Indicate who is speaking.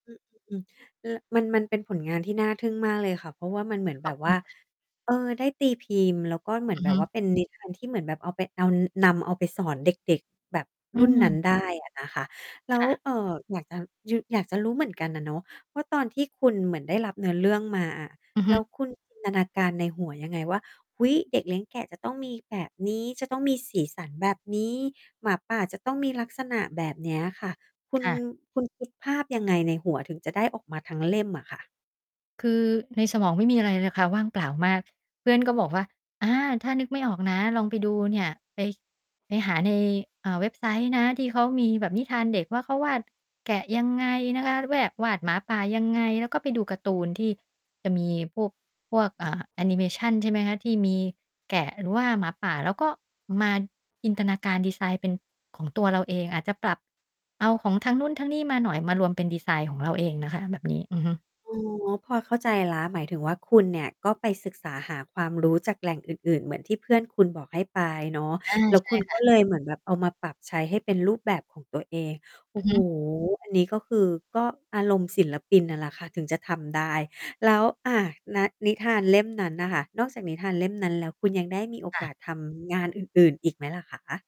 Speaker 1: อือ ล มัน มันเป็นผลงานที่น่าทึ่งมากเลยค่ะ เพราะว่ามันเหมือน
Speaker 2: ข
Speaker 1: แบ
Speaker 2: อบ
Speaker 1: บ
Speaker 2: ค
Speaker 1: ว
Speaker 2: ุ
Speaker 1: ่
Speaker 2: ณ
Speaker 1: า
Speaker 2: ค่ะ
Speaker 1: เออ ได้ตีพิมพ์ แล้วก็เหมือ
Speaker 2: อ
Speaker 1: น
Speaker 2: ือ
Speaker 1: แบ
Speaker 2: ฮ
Speaker 1: บว
Speaker 2: ึ
Speaker 1: ่าเป็น นิ ทานที่เหมือนแบบเอาไป เอา นำเอาไปสอนเด็ก ๆ แบบ
Speaker 2: อื
Speaker 1: รุ่นนั้
Speaker 2: ม
Speaker 1: น ได้ อะนะคะ แล้
Speaker 2: ค
Speaker 1: ว
Speaker 2: ่ะ
Speaker 1: เอ่อ อยากจะยือ อยากจะรู้เหมือนกันอะเนาะ ว่าตอนที่คุณเหมือนได้รับเนื้อเรื่องมาอะ
Speaker 2: อือฮ
Speaker 1: แล้ว
Speaker 2: ึ
Speaker 1: คุณ จินตนาการ ในหัวยังไงว่า เฮ้ย เด็กเลี้ยงแกะจะต้องมีแบบนี้ จะต้องมีสีสันแบบนี้ หมาป่าจะต้องมีลักษณะแบบนี้อะค่ะ คุ
Speaker 2: ค
Speaker 1: ณ
Speaker 2: ่ะ
Speaker 1: คุณคิดภาพยังไงในหัวถึงจะได้ออกมาทั้งเล่มอะค่ะ?
Speaker 2: คือในสมองไม่มีอะไรเลยนะคะ ว่างเปล่ามาก เพื่อนก็บอกว่า อา ถ้านึกไม่ออกนะ ลองไปดูเนี่ย ไป ไปหาใน อ่า เว็บไซต์นะ ที่เขามีแบบนิทานเด็ก ว่าเขาวาดแกะยังไงนะคะ แวก วาดหมาป่ายังไง แล้วก็ไปดูการ์ตูน ที่จะมีพวก พวก เอ่อ แอนิเมชัน ใช่ไหมคะ ที่มีแกะหรือว่าหมาป่า แล้วก็มาจินตนาการดิไซน์เป็นของตัวเราเอง อาจจะปรับเอาของทางนู้นทั้งนี้มาหน่อย มารวมเป็นดิไซน์ของเราเองนะคะ แบบนี้ อือฮึ
Speaker 1: อ๋อ พอเข้าใจแล้ว หมายถึงว่าคุณเนี่ย ก็ไปศึกษาหาความรู้จากแหล่งอื่น ๆ เหมือนที่เพื่อนคุณบอกให้ไปเนาะ
Speaker 2: อา
Speaker 1: แล้ว
Speaker 2: ใช
Speaker 1: ค
Speaker 2: ่
Speaker 1: ุณ
Speaker 2: ค
Speaker 1: ก
Speaker 2: ่
Speaker 1: ็
Speaker 2: ะ
Speaker 1: เลยเหมือนแบบเอามาปรับใช้ให้เป็นรูปแบบของตัวเอง โอ
Speaker 2: อื
Speaker 1: ้
Speaker 2: อ
Speaker 1: โ
Speaker 2: ฮ
Speaker 1: ฮ
Speaker 2: ึ
Speaker 1: อันนี้ก็คือ ก็อารมณ์ศิลปินน่ะแหละค่ะถึงจะทำได้ แล้ว อ่า นะ นิทานเล่มนั้นน่ะค่ะ นอกจากนิทานเล่มนั้นแล้ว คุณยังได้มีโอ
Speaker 2: ค่
Speaker 1: ก
Speaker 2: ะ
Speaker 1: าสทำงานอื่น ๆ อีกไหมล่ะคะ?